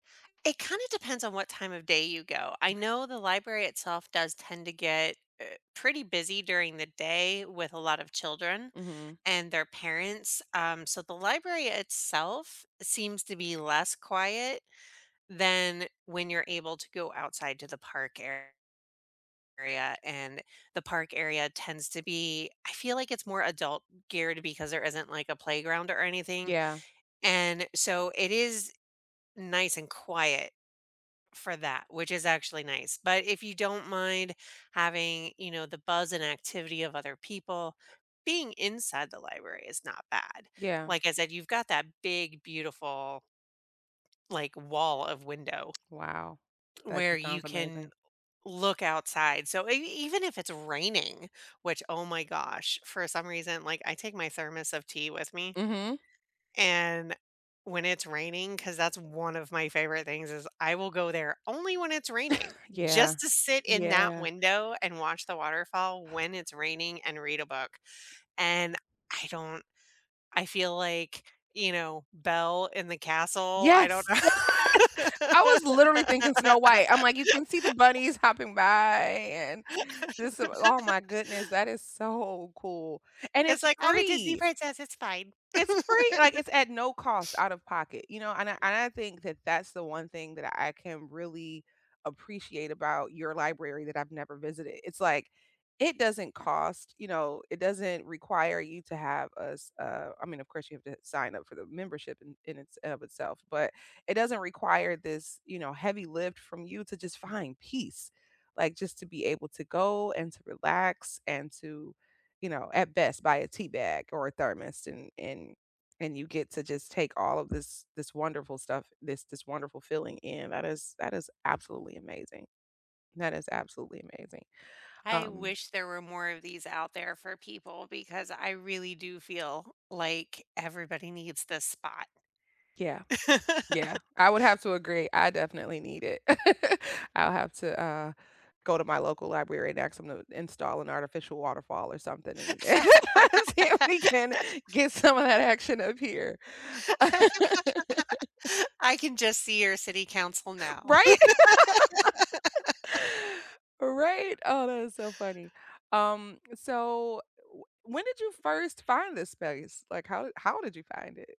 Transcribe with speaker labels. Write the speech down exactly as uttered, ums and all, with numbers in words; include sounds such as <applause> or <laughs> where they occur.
Speaker 1: It kinda depends on what time of day you go. I
Speaker 2: M'kay.
Speaker 1: know the library itself does tend to get, uh, pretty busy during the day with a lot of children
Speaker 2: Mhm.
Speaker 1: and their parents, um, so the library itself seems to be less quiet than when you're able to go outside to the park ar area, and the park area tends to be I feel like it's more adult-geared because there isn't, like, a playground or anything,
Speaker 2: Yeah.
Speaker 1: and, so, it is nice and quiet for that, which is actually nice; but if you don't mind having, you know, the buzz and activity of other people, being inside the library is not bad.
Speaker 2: Yeah.
Speaker 1: Like I said, you've got that big, beautiful like, wall of window
Speaker 2: Wow, that
Speaker 1: where you
Speaker 2: sounds
Speaker 1: can
Speaker 2: amazing.
Speaker 1: look outside. So, e even if it's raining which, oh, my gosh, for some reason, like, I take my thermos of tea with me
Speaker 2: Mhm.
Speaker 1: and, when it's raining 'cause that's one of my favorite things is I will go there only when it's raining
Speaker 2: <chuckles> Yeah,
Speaker 1: just to sit in that
Speaker 2: yeah.
Speaker 1: window and watch the waterfall when it's raining and read a book and I don't I feel like, you know, Belle in the castle, I
Speaker 2: Yes!
Speaker 1: don't know.
Speaker 2: <laughs> I was literally thinking Snow
Speaker 1: <laughs>
Speaker 2: White. I'm like, you can see the bunnies hopping by and just oh, my
Speaker 1: <laughs>
Speaker 2: goodness, that is so cool, and
Speaker 1: It's
Speaker 2: it's
Speaker 1: like, "I'm a Disney
Speaker 2: free!
Speaker 1: princess. It's fine."
Speaker 2: It's free like,
Speaker 1: <chuckles>
Speaker 2: it's at no cost out of pocket, you know? And I and I think that that's the one thing that I can really appreciate about your library that I've never visited. It's like, it doesn't cost you know, it doesn't require you to have a s uh, I mean, of course, have to sign up for the membership in in its in of itself, but it doesn't require this, you know, heavy lift from you to just find peace, like, just to be able to go and to relax and to, you know at best, buy a tea bag or a thermos and and and you get to just take all of this this wonderful stuff, this this wonderful feeling in. That is that is absolutely amazing, that is absolutely amazing,
Speaker 1: I
Speaker 2: um
Speaker 1: wish there were more of these out there for people because I really do feel like everybody needs this spot.
Speaker 2: Yeah, yeah.
Speaker 1: <laughs>
Speaker 2: I would have to agree, I definitely need it. <chuckles> I'll have to, uh, go to my local library and aks them to install an artificial waterfall or something and <laughs> see if we can get some of
Speaker 1: <laughs>
Speaker 2: that action up here. <laughs>
Speaker 1: <laughs> I can just see your city council now.
Speaker 2: Right? <laughs>
Speaker 1: <laughs>
Speaker 2: Right? Oh, that is so funny. Um, so, w when did you first find this space? Like, how how did you find it?